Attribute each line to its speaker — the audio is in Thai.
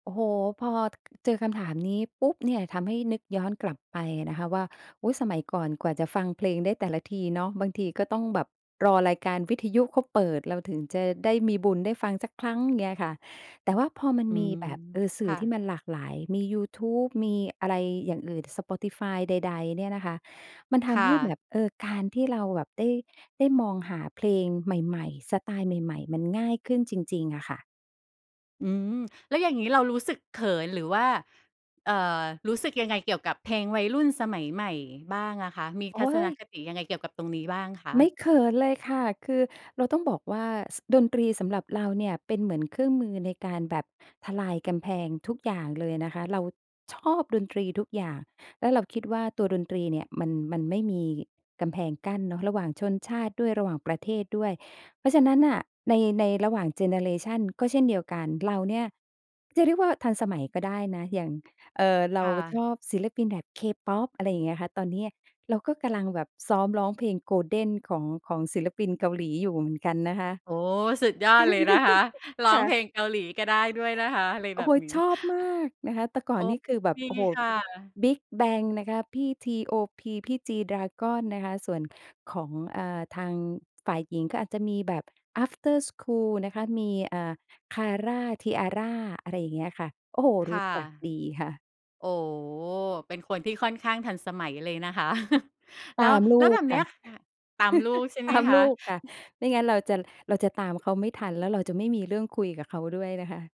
Speaker 1: โอ้โฮ พอ เจอคำถามนี้ปุ๊บเนี่ย ทำให้นึกย้อนกลับไปนะคะว่า อุ๊ย สมัยก่อนกว่าจะฟังเพลงได้แต่ละทีเนาะ บางทีก็ต้องแบบรอรายการวิทยุเขาเปิดเราถึงจะได้มีบุญได้ฟังสักครั้ง เงี้ยค่ะ แต่ว่าพอมัน
Speaker 2: อื
Speaker 1: มี
Speaker 2: ม
Speaker 1: แบบ เออ ส
Speaker 2: ค
Speaker 1: ื่อ
Speaker 2: ่
Speaker 1: ที่
Speaker 2: ะ
Speaker 1: มันหลากหลาย มียูทูป มีอะไรอย่างอื่น Spotify ใด ๆ เนี่ยนะคะ มันท
Speaker 2: ค่
Speaker 1: ำให้แบ
Speaker 2: ะ
Speaker 1: บ เออ การที่เราแบบได้ ได้มองหาเพลงใหม่ ๆ สไตล์ใหม่ ๆ มันง่ายขึ้นจริง ๆ อะค่ะ
Speaker 2: อืม แล้วอย่างงี้เรารู้สึกเขิน หรือว่า เอ่อ รู้สึกยังไงเกี่ยวกับเพลงวัยรุ่นสมัยใหม่บ้างอะคะ มี
Speaker 1: โอ
Speaker 2: ท
Speaker 1: ๊
Speaker 2: ัศน
Speaker 1: ย
Speaker 2: คติยังไงเกี่ยวกับตรงนี้บ้างคะ?
Speaker 1: ไม่เขินเลยค่ะ คือเราต้องบอกว่า ส ดนตรีสำหรับเราเนี่ย เป็นเหมือนเครื่องมือในการแบบทลายกำแพงทุกอย่างเลยนะคะ เราชอบดนตรีทุกอย่าง แล้วเราคิดว่าตัวดนตรีเนี่ย มัน มันไม่มีกำแพงกั้นเนาะ ระหว่างชนชาติด้วย ระหว่างประเทศด้วย เพราะฉะนั้นน่ะ ใน ในระหว่างเจเนอเรชันก็เช่นเดียวกัน เราเนี่ยจะเรียกว่าทันสมัยก็ได้นะ อย่าง เอ่อ เรา
Speaker 2: ค่
Speaker 1: ช
Speaker 2: ะ
Speaker 1: อบศิลปินแบบ K-pop อะไรอย่างเงี้ยคะ ตอนนี้เราก็กำลังแบบซ้อมร้องเพลง "Golden" ของ ของศิลปินเกาหลีอยู่เหมือนกันนะคะ
Speaker 2: โอ้ สุดยอดเลยนะคะ ร้อ
Speaker 1: ค
Speaker 2: ง
Speaker 1: ่ะ
Speaker 2: เพลงเกาหลีก็ได้ด้วยนะคะ อะไร
Speaker 1: โอ
Speaker 2: แ
Speaker 1: ้
Speaker 2: บ
Speaker 1: โฮ
Speaker 2: บนี้
Speaker 1: ชอบมากนะคะ แต่ก่
Speaker 2: โอ
Speaker 1: อ
Speaker 2: ้
Speaker 1: นนี่คือแบ
Speaker 2: ด
Speaker 1: บ
Speaker 2: ี
Speaker 1: โอ้โฮ
Speaker 2: ค่ะ
Speaker 1: BIGBANG นะคะ พี่ TOP พี่ G-dragon นะคะ ส่วนของ อ่า ทาง ฝ่ายหญิงก็อาจจะมีแบบ After School นะคะ มี อ่า KARA T-ARA อะไรอย่างเงี้ยค่ะ โอ้โฮ
Speaker 2: ค
Speaker 1: รู้
Speaker 2: ่ะ
Speaker 1: จักดีค่ะ
Speaker 2: โอ้ เป็นคนที่ค่อนข้างทันสมัยเลยนะคะ แ
Speaker 1: ต
Speaker 2: ล้ว
Speaker 1: ามล
Speaker 2: แล
Speaker 1: ู
Speaker 2: ้วแบ
Speaker 1: ก
Speaker 2: บ
Speaker 1: ค
Speaker 2: เนี้
Speaker 1: ่ะ
Speaker 2: ย ค่ะ ตามลูก ใช่ไ
Speaker 1: ต
Speaker 2: หม
Speaker 1: าม
Speaker 2: ค
Speaker 1: ลูกค่ะ
Speaker 2: ะ?
Speaker 1: ไม่งั้นเราจะ เราจะตามเขาไม่ทัน แล้วเราจะไม่มีเรื่องคุยกับเขาด้วยนะคะ